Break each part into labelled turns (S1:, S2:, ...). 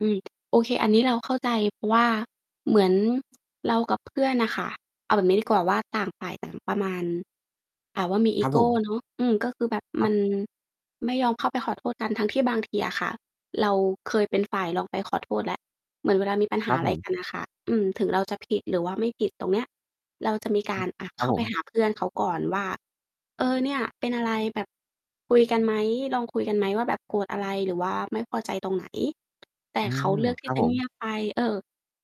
S1: อืม โอเค อันนี้เราเข้าใจ เพราะว่าเหมือนเรากับเพื่อนน่ะค่ะ เอาแบบนี้ดีกว่าว่า ต่างฝ่ายต่างประมาณ อ่า ว่ามีอ
S2: ค
S1: ี
S2: รับ
S1: โก
S2: ผม
S1: เนาะ อืม ก็คือแบบ
S2: ค
S1: ม
S2: ร
S1: ั
S2: ับ
S1: นไม่ยอมเข้าไปขอโทษกัน ทั้งที่บางทีอะค่ะ เราเคยเป็นฝ่ายลองไปขอโทษแล้ว เหมือนเวลามีปัญห
S2: ค
S1: า
S2: รับ
S1: อะไ
S2: ผ
S1: รก
S2: ม
S1: ันน่ะค่ะ อืม ถึงเราจะผิดหรือว่าไม่ผิดตรงเนี้ย เราจะมีก
S2: ฮ
S1: า
S2: ึ
S1: ร อะ
S2: ค
S1: เ
S2: ร
S1: ข
S2: ั
S1: ้
S2: บ
S1: า
S2: ผ
S1: ไป
S2: ม
S1: หาเพื่อนเขาก่อนว่า เออ เนี่ยเป็นอะไร? แบบ คุยกันไหม? ลองคุยกันไหมว่าแบบโกรธอะไรหรือว่าไม่พอใจตรงไหน? แต่
S2: อื
S1: เขา
S2: ม
S1: เลือกท
S2: ค
S1: ี
S2: ร
S1: ่
S2: ับ
S1: จะ
S2: ผ
S1: เง
S2: ม
S1: ียบไป เออ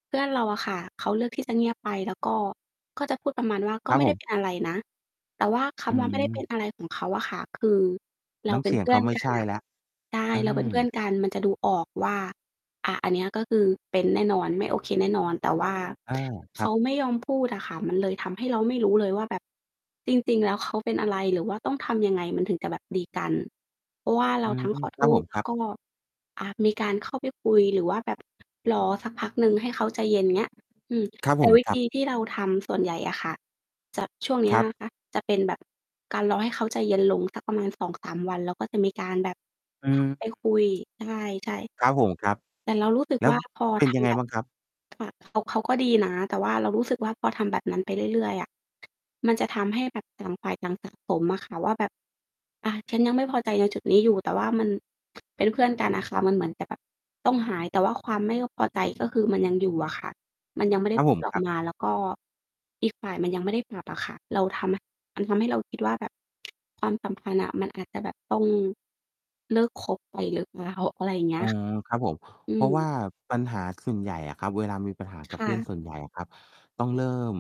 S1: เพื่อนเราอะค่ะ เขาเลือกที่ จะเงียบไป แล้วก็ ก็จะพูดประมาณว่า "ก
S2: ค
S1: ็
S2: รับ
S1: ไม่
S2: ผ
S1: ได้
S2: ม
S1: เป็นอะไรนะ" แต่ว่า ค
S2: อื
S1: ำว่า ไม่ได้เป็น
S2: ม
S1: อะไรของเขาอะค่ะ คือเรา
S2: น้
S1: เ
S2: ำ
S1: ป็
S2: เส
S1: น
S2: ีย
S1: เพ
S2: ง
S1: ื
S2: เ
S1: ่
S2: ข
S1: อ
S2: า
S1: น
S2: ไม่
S1: กั
S2: ใช
S1: น
S2: ่
S1: อะ
S2: แล้ว
S1: ใช่
S2: อื
S1: เราเป็นเพื่
S2: ม
S1: อนกันมันจะดูออกว่า อา อันเนี้ยก็คือ เป็นแน่นอน ไม่โอเคแน่นอน แต่ว่า
S2: อา ค
S1: เ
S2: ร
S1: ข
S2: ับ
S1: าไม่ยอมพูดอะค่ะ มันเลยทำให้เราไม่รู้เลยว่าแบบ จริง ๆ แล้วเขาเป็นอะไรหรือว่าต้องทำยังไง มันถึงจะแบบดีกัน เพราะว่า
S2: อ
S1: เร
S2: ื
S1: าท
S2: ม
S1: ั้งขอ
S2: ค
S1: โ
S2: ร
S1: ท
S2: ับผ
S1: ษ
S2: ม
S1: แ
S2: ค
S1: ล้
S2: ร
S1: ว
S2: ับ
S1: ก็ อา มีการเข้าไปคุยหรือว่าแบบ รอสักพักหนึ่งให้เขาใจเย็น เงี้ย อืม
S2: ครับ
S1: แต
S2: ผ
S1: ่
S2: ม
S1: วิ
S2: ค
S1: ธ
S2: รับ
S1: ีที่เราทำส่วนใหญ่อะค่ะ จะ ช่วงเนี้
S2: ค
S1: ย
S2: รับ
S1: นะคะ จะเป็นแบบการรอให้เขาใจเย็นลงสักประมาณ 2-3 วัน แล้วก็จะมีการแบบ
S2: อืม
S1: ไปคุย ใช่
S2: ครับผม ครับ
S1: ๆ แต่เรารู้สึก
S2: แล้
S1: ว
S2: ว
S1: ่า พอ
S2: เป็
S1: ท
S2: นยังไ
S1: ำ
S2: ง
S1: แบบ
S2: บ้างครับ?
S1: ค่ะ เขา เขาก็ดีนะ แต่ว่าเรารู้สึกว่า พอทำแบบนั้นไปเรื่อย ๆ อะ มันจะทำให้แบบต่างฝ่ายต่าง สะ สมอะค่ะว่าแบบ อา ฉันยังไม่พอใจ
S2: เออ
S1: ในจุดนี้อยู่ แต่ว่ามัน เป็นเพื่อนกันอะค่ะ มันเหมือน จะแบบ ต้องหาย แต่ว่าความไม่พอใจ ก็คือมันยังอยู่อะค่ะ มันยังไม่ได
S2: ค
S1: ้
S2: รับ
S1: พ
S2: ผ
S1: ู
S2: ม
S1: ดอ
S2: ค
S1: อ
S2: ร
S1: ก
S2: ับ
S1: มา แล้วก็อีกฝ่ายมันยังไม่ได้ปรับอะค่ะ เราทำ มันทำให้เราคิดว่าแบบ ความสัมพันธ์อะมันอาจจะแบบต้อง เลิกคบไปหรือเปล่า? อะไรอย่างเงี้
S2: อ๋
S1: ย
S2: อ
S1: ค
S2: ครับผม
S1: อื
S2: เพราะว่
S1: ม
S2: าปัญหาส่วนใหญ่อะครับ เวลามีปัญหา
S1: ค
S2: กับ
S1: ่
S2: เพื่อน
S1: ะ
S2: ส่วนใหญ่อะครับ ต้องเริ่ม